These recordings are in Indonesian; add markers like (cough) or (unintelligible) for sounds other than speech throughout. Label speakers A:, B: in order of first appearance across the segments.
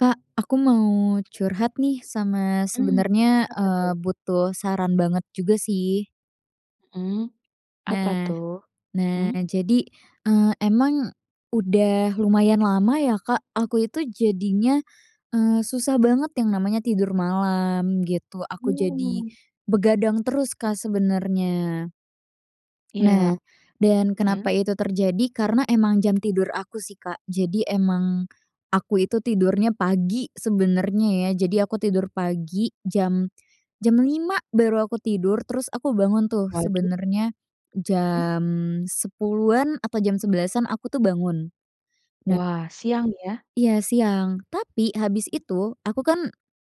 A: Kak, aku mau curhat nih, sama
B: Mmm,
A: sebenernya,
B: kenapa
A: eee,
B: tuh?
A: butuh saran banget juga sih.
B: Mmm, apa
A: Nah,
B: tuh?
A: nah,
B: mmm?
A: jadi, eee, emang udah lumayan lama ya, Kak, aku itu jadinya, eee, susah banget yang namanya tidur malam, gitu. Aku jadi
B: Mmm.
A: begadang terus, Kak, sebenernya.
B: Ya,
A: Nah dan kenapa
B: mmm?
A: itu terjadi? Karena emang jam tidur aku sih, Kak. Jadi emang aku itu tidurnya pagi sebenernya ya. Jadi aku tidur pagi jam jam 5.00 baru aku tidur terus aku bangun tuh
B: Waduh.
A: sebenernya
B: Mmm?
A: jam 10.00-an atau jam 11.00-an aku itu bangun. Na
B: Wah, siang ya.
A: Iya siang. Tapi habis itu aku kan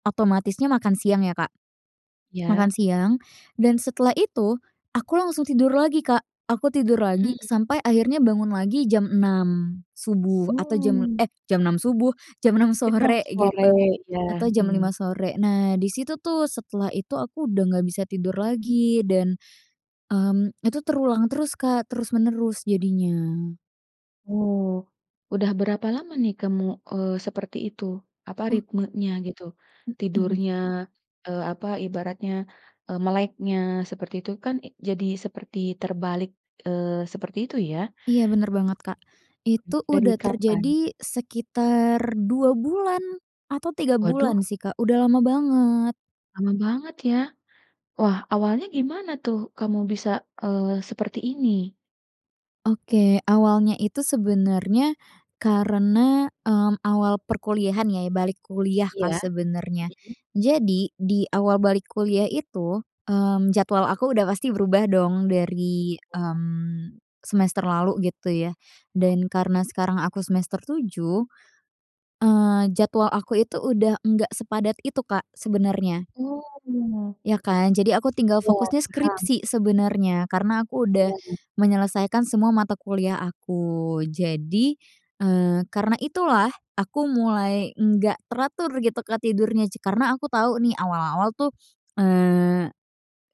A: otomatisnya makan siang ya, Kak. Makan
B: Ya?
A: siang dan setelah itu aku langsung tidur lagi, Kak. Aku tidur lagi
B: Mmm.
A: sampai akhirnya bangun lagi jam 6.00 subuh atau jam
B: Hmm.
A: eh, jam 6.00 subuh? Jam 6.00
B: (unintelligible)
A: sore,
B: Sore,
A: gitu, atau
B: iya,
A: jam 5.00
B: hmm.
A: sore. Nah di situ tuh setelah itu aku udah nggak bisa tidur lagi dan, mmm, itu terulang terus, Kak, terus-menerus jadinya.
B: Oh, udah berapa lama nih kamu, eee, seperti itu? Apa
A: Oh.
B: ritmenya gitu.
A: Mhm.
B: Tidurnya, eee, apa ibaratnya, eee, meleknya seperti itu kan e jadi seperti terbalik, eee, seperti itu ya.
A: Iya benar banget, Kak,
B: M
A: itu
B: dari
A: udah
B: kapan?
A: terjadi sekitar 2 bulan, atau 3
B: Waduh.
A: bulan sih, Kak, udah lama banget.
B: Lama banget ya. Wah, awalnya gimana tuh kamu bisa, eee, seperti ini?
A: Oke. Awalnya itu sebenernya karena, mmm, awal perkuliahan ya balik kuliah, Kak,
B: Iya.
A: sebenernya.
B: Mhm.
A: Jadi di awal balik kuliah itu, mmm, jadwal aku udah pasti berubah dong dari,
B: Oh ya?
A: mmm, semester lalu gitu ya. Dan karena sekarang aku semester 7, eee, jadwal aku itu udah nggak sepadat itu, Kak, sebenernya.
B: Oh.
A: Ya kan? Jadi aku tinggal
B: Iya
A: fokusnya
B: paham.
A: skripsi sebenernya karena aku udah
B: Iya.
A: menyelesaikan semua mata kuliah aku. Jadi, eee, karena itulah aku mulai nggak teratur gitu, Kak, tidurnya j karena aku tahu nih awal-awal tuh, eee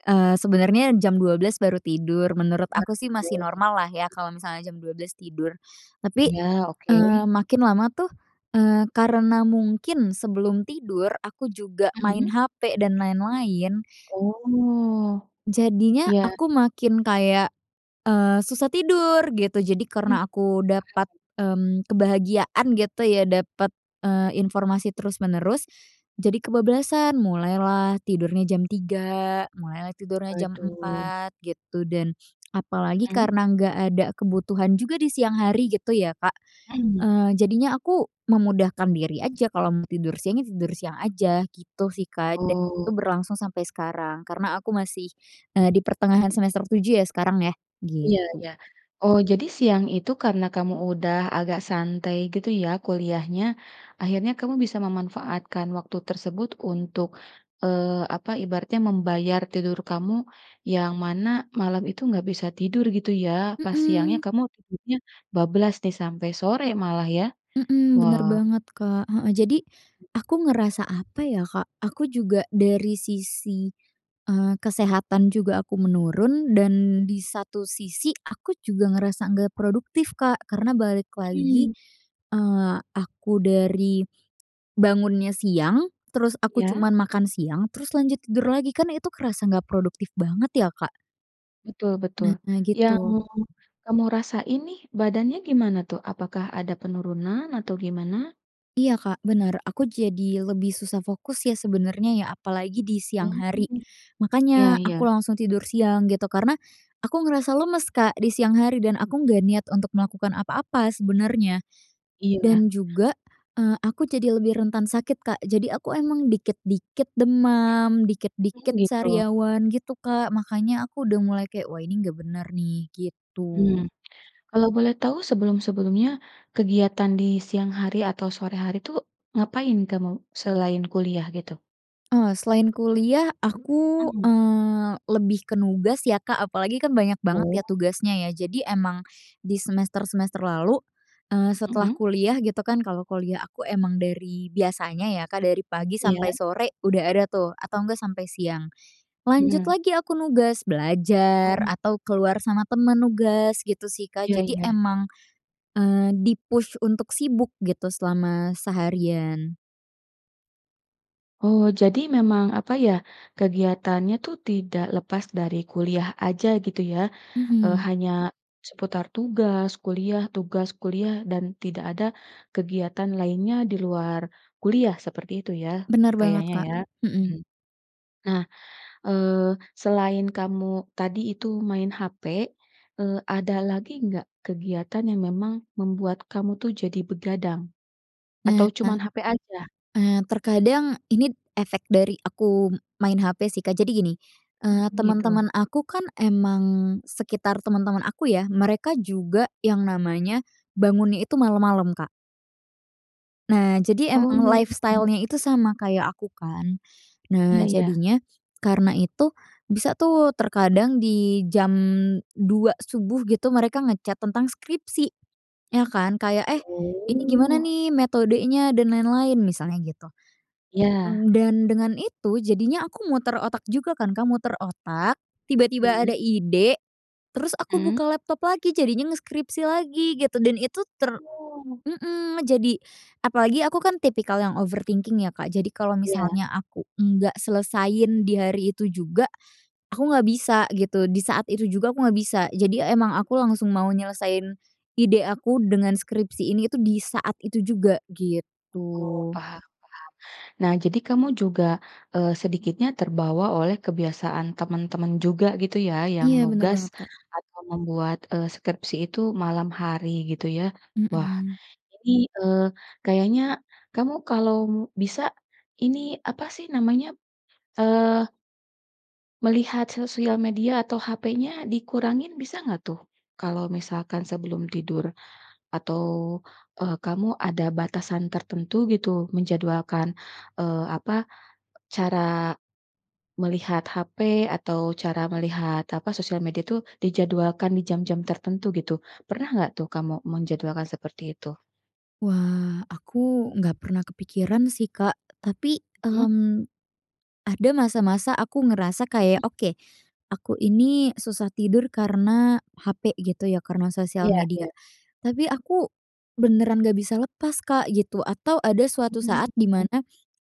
A: eee, sebenernya jam 12:00 baru tidur. Menurut
B: Baru
A: aku sih masih
B: tidur,
A: normallah ya
B: iya.
A: kalau misalnya jam 12:00 tidur, tapi,
B: Iya, oke.
A: eee, makin lama tuh, eee, karena mungkin sebelum tidur aku juga main
B: Mhm.
A: HP dan lain-lain
B: Oh,
A: jadinya
B: iya.
A: aku makin kayak, eee, susah tidur gitu. Jadi
B: Mmm,
A: karena aku dapat,
B: paham.
A: mmm, kebahagiaan gitu ya dapat, eee, informasi terus-menerus jadi kebablasan. Mulailah tidurnya jam 03:00, mulailah tidurnya jam
B: Waduh.
A: 04:00 gitu dan apalagi
B: Mhm
A: karena nggak ada kebutuhan juga di siang hari gitu ya, Kak.
B: Mhm.
A: Eee, jadinya aku memudahkan diri aja. Kalau mau tidur siang ya tidur siang aja gitu sih, Kak, dan itu
B: Oh.
A: berlangsung sampai sekarang karena aku masih, eee, di pertengahan semester 7 ya sekarang ya,
B: Iya
A: gitu.
B: iya. Oh, jadi siang itu karena kamu udah agak santai gitu ya kuliahnya akhirnya kamu bisa memanfaatkan waktu tersebut untuk, eee, apa ibaratnya membayar tidur kamu yang mana malam itu nggak bisa tidur gitu ya, pas siangnya
A: Mhm.
B: kamu tidurnya bablas nih sampai sore malah ya?
A: Mhm, benar
B: Wah.
A: banget, Kak. Heeh, jadi aku ngerasa apa ya, Kak? Aku juga dari sisi, eee, kesehatan juga aku menurun dan di satu sisi aku juga ngerasa nggak produktif, Kak, karena balik lagi,
B: Mhm.
A: eee, aku dari bangunnya siang, terus aku
B: Ya?
A: cuma makan siang terus lanjut tidur lagi kan itu kerasa nggak produktif banget ya, Kak.
B: Betul betul,
A: Nah
B: yang
A: gitu.
B: kamu rasain nih badannya gimana tuh? Apakah ada penurunan atau gimana?
A: Iya, Kak, bener, aku jadi lebih susah fokus ya sebenernya ya, apalagi di siang hari.
B: Mmm. Iya
A: Makanya
B: iya.
A: aku langsung tidur siang gitu karena aku ngerasa lemes, Kak, di siang hari dan aku nggak niat untuk melakukan apa-apa sebenernya.
B: Iya.
A: Dan juga, eee, aku jadi lebih rentan sakit, Kak. Jadi aku emang dikit-dikit demam,
B: Oh
A: dikit-dikit
B: gitu.
A: sariawan gitu, Kak. Makanya aku udah mulai kayak, "Wah ini nggak bener nih," gitu.
B: Hmm, kalau boleh tahu sebelum-sebelumnya kegiatan di siang hari atau sore hari itu ngapain kamu, selain kuliah gitu?
A: Eee, selain kuliah aku,
B: Mhm.
A: eee, lebih ke nugas ya, Kak, apalagi kan banyak banget ya
B: Oh.
A: tugasnya ya. Jadi emang di semester-semester lalu, eee, setelah
B: Mhm.
A: kuliah gitu kan. Kalau kuliah aku emang dari biasanya ya, Kak, dari pagi
B: Iya.
A: sampai sore udah ada tuh, atau nggak sampai siang, lanjut
B: Mhm.
A: lagi aku nugas belajar
B: Oh.
A: atau keluar sama temen nugas, gitu sih, Kak.
B: Iya
A: Jadi
B: iya.
A: emang, eee, di-push untuk sibuk gitu selama seharian.
B: Oh. Jadi memang apa ya, kegiatannya tu, tidak lepas dari kuliah aja gitu ya, eee,
A: Mhm.
B: hanya seputar tugas kuliah tugas kuliah dan tidak ada kegiatan lainnya di luar kuliah seperti itu ya,
A: Bener banget,
B: kayaknya
A: Kak.
B: ya.
A: Mhm.
B: Mhm. Nah, eee, selain kamu tadi itu main HP, eee, ada lagi enggak kegiatan yang memang membuat kamu tuh jadi begadang atau
A: Nah,
B: cuman HP aja?
A: nah terkadang ini efek dari aku main HP sih, Kak. Jadi gini, eee,
B: Mhm, gitu.
A: temen-temen aku kan emang sekitar temen-temen aku ya, mereka juga yang namanya bangunnya itu malam-malam, Kak. Nah. Jadi emang
B: Oh.
A: lifestyle-nya itu sama kayak aku kan. Nah,
B: Iya iya.
A: jadinya karena itu bisa tuh terkadang di jam 2:00 subuh gitu mereka nge-chat tentang skripsi ya kan kayak, eh, ini gimana
B: Oh.
A: nih metodenya dan lain-lain misalnya gitu.
B: Iya.
A: Mmm, dan dengan itu, jadinya aku muter otak juga kan, Kak, muter otak tiba-tiba ada
B: Mhm.
A: ide, terus aku buka
B: Mmm.
A: laptop lagi jadinya ngeskripsi lagi gitu dan itu ter
B: Oh.
A: mmm, jadi apalagi aku kan tipikal yang overthinking ya, Kak. Jadi kalau
B: Iya.
A: misalnya aku nggak selesaiin di hari itu juga, aku nggak bisa gitu. Di saat itu juga aku nggak bisa. Jadi emang aku langsung mau nyelesain ide aku dengan skripsi ini itu di saat itu juga
B: Oh
A: gitu.
B: paham, paham. Nah, jadi kamu juga, eee, sedikitnya terbawa oleh kebiasaan teman-teman juga gitu ya, yang
A: Iya bener
B: nugas
A: banget, Kak.
B: atau membuat, eee, skripsi itu malam hari gitu ya. Wah,
A: Mhm.
B: ini, eee, kayaknya kamu kalau bisa ini, apa sih, namanya, eee Melihat sosial media atau HP-nya dikurangin bisa enggak tuh, kalau misalkan sebelum tidur, atau, eee, kamu ada batasan tertentu gitu menjadwalkan, eee, apa cara melihat HP, atau cara melihat apa, sosial media itu dijadwalkan di jam-jam tertentu gitu. Pernah nggak tuh kamu menjadwalkan seperti itu?
A: Wah, aku enggak pernah kepikiran sih, Kak, tapi,
B: Mhm.
A: mmm, ada masa-masa aku ngerasa kayak
B: Hmm.
A: oke, aku ini susah tidur karena HP gitu ya, karena sosial
B: Iya
A: media.
B: iya.
A: Tapi aku beneran nggak bisa lepas, Kak, gitu, atau ada suatu saat di
B: Oh.
A: mana,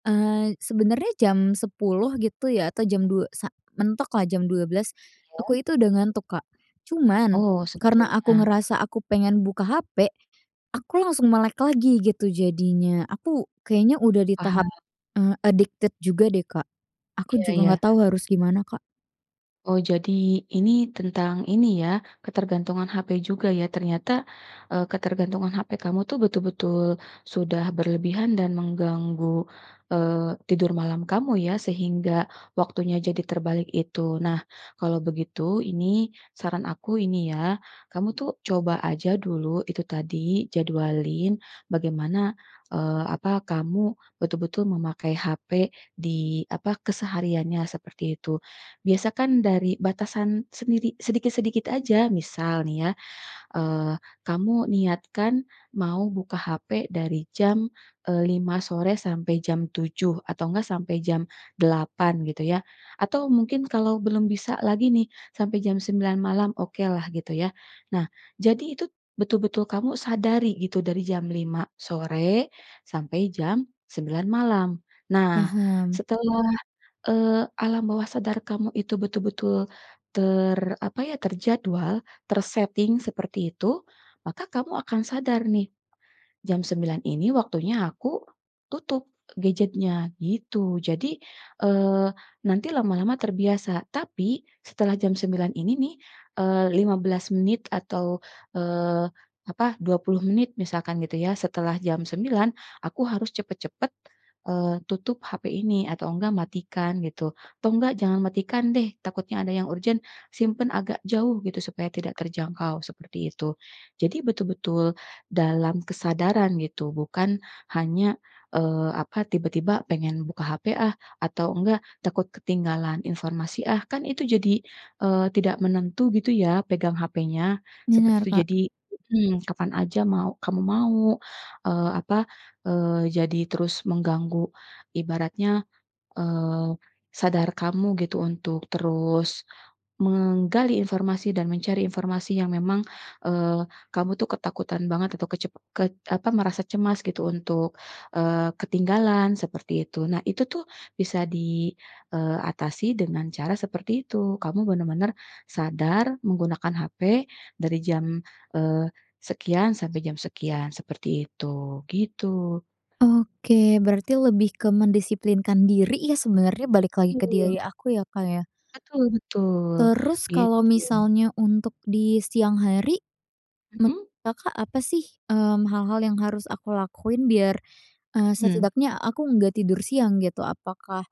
A: eee, sebenernya jam 10:00 gitu ya atau jam 02:00 sa mentok lah jam 12:00
B: Iya.
A: aku itu udah ngantuk, Kak. Cuman,
B: Oh,
A: karena aku
B: sebetulnya.
A: ngerasa aku pengen buka HP aku langsung melek lagi gitu jadinya, aku kayaknya udah di tahap,
B: Paham.
A: eee, addicted juga deh, Kak. Aku
B: Iya
A: juga
B: iya.
A: nggak tahu harus gimana, Kak.
B: Oh. Jadi ini tentang ini ya, ketergantungan HP juga ya, ternyata, eee, ketergantungan HP kamu tuh betul-betul sudah berlebihan dan mengganggu, eee, tidur malam kamu ya, sehingga waktunya jadi terbalik itu. Nah, kalau begitu, ini saran aku ini ya, kamu tuh coba aja dulu itu tadi, jadwalin bagaimana, eee, apa kamu betul-betul memakai HP di apa, kesehariannya seperti itu. Biasa kan dari batasan sendiri sedikit-sedikit aja, misal nih ya, eee, kamu niatkan mau buka HP dari jam, eee, 5 sore sampai jam 7, atau enggak sampai jam 8 gitu ya. Atau mungkin kalau belum bisa lagi nih, sampai jam 9 malam, okelah gitu ya. Nah, jadi itu betul-betul kamu sadari gitu dari jam 5 sore sampai jam 9 malam. Nah
A: Paham.
B: setelah eee, alam bawah sadar kamu itu betul-betul ter apa ya? Terjadwal, terseting seperti itu, maka kamu akan sadar nih, "Jam 9.00 ini waktunya aku tutup gadget-nya," gitu. Jadi eee, nanti lama-lama terbiasa. Tapi setelah jam 9 ini nih eee, 15 menit atau eee apa, 20 menit misalkan gitu ya, "Setelah jam 9.00 aku harus cepat-cepat eee, tutup HP ini atau enggak matikan," gitu, atau enggak jangan matikan deh, takutnya ada yang urgen, simpan agak jauh gitu. Supaya tidak terjangkau seperti itu. Jadi, betul-betul dalam kesadaran gitu, bukan hanya, eee, apa tiba-tiba pengen buka HP ah, atau enggak takut ketinggalan informasi ah, kan itu jadi, eee, tidak menentu gitu ya, pegang HP-nya seperti
A: Benar,
B: itu
A: Kak.
B: jadi mhm, kapan saja mau kamu mau, eee, apa, eee jadi terus mengganggu ibaratnya, eee, sadar kamu gitu untuk terus menggali informasi dan mencari informasi yang memang, eee, kamu tuh ketakutan banget itu kecep kec apa merasa cemas gitu untuk, eee, ketinggalan seperti itu. Nah itu tuh bisa di, eee, atasi dengan cara seperti itu. Kamu benar-benar sadar menggunakan HP dari jam, eee, sekian sampai jam sekian, seperti itu, gitu.
A: Oke berarti lebih ke mendisiplinkan diri ya sebenernya, balik lagi ke
B: Iya.
A: diri aku ya, Kak, ya?
B: Betul betul
A: Terus kalau
B: gitu.
A: misalnya untuk di siang hari. Menurut
B: Mhm?
A: Kakak apa sih, mmm, hal-hal yang harus aku lakuin biar, eee,
B: Hmm.
A: setidaknya aku nggak tidur siang gitu. Apakah,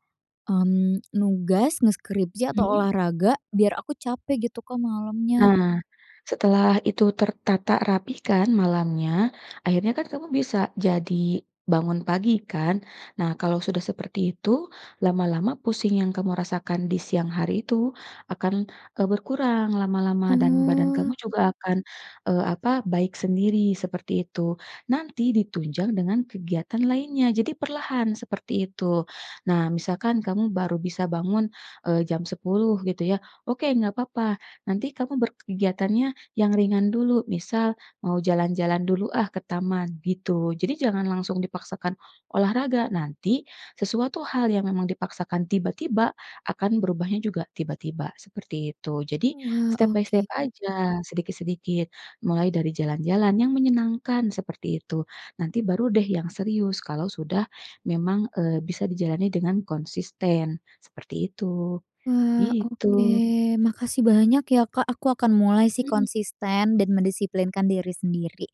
A: mmm, nugas, ngeskripsi, atau
B: Hmm.
A: olahraga biar aku capek gitu, Kak, malamnya?
B: Nah, setelah itu tertata rapi kan malamnya, akhirnya kan kamu bisa jadi bangun pagi kan? Nah, kalau sudah seperti itu, lama-lama pusing yang kamu rasakan di siang hari itu, akan, eee, berkurang lama-lama dan badan
A: Oh.
B: kamu juga akan, eee, apa? Baik sendiri seperti itu. Nanti ditunjang dengan kegiatan lainnya, jadi perlahan seperti itu. Nah, misalkan kamu baru bisa bangun, eee, jam 10.00 gitu ya, oke, enggak papa. nanti kamu berkegiatannya yang ringan dulu, misal, "Mau jalan-jalan dulu ah ke taman," gitu. Jadi jangan langsung dipaksakan olahraga, nanti sesuatu hal yang memang dipaksakan tiba-tiba akan berubahnya juga tiba-tiba seperti itu. Jadi
A: Wah,
B: step by step
A: oke.
B: saja sedikit-sedikit, mulai dari jalan-jalan yang menyenangkan seperti itu. Nanti baru deh yang serius kalau sudah memang, eee, bisa dijalani dengan konsisten seperti itu,
A: Wah, oke.
B: gitu.
A: Makasih banyak ya, Kak. Aku akan mulai sih
B: Mhm.
A: konsisten dan mendisiplinkan diri sendiri.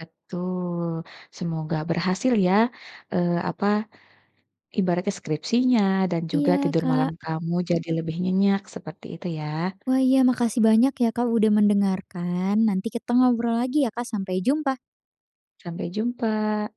B: Betul, semoga berhasil ya, eee, apa? Ibaratnya skripsinya dan juga
A: Iya,
B: tidur malam
A: Kak.
B: kamu jadi lebih nyenyak seperti itu ya.
A: Wah. Iya, makasih banyak ya, Kak, udah mendengarkan. Nanti kita ngobrol lagi ya, Kak. Sampai jumpa!
B: Sampai jumpa!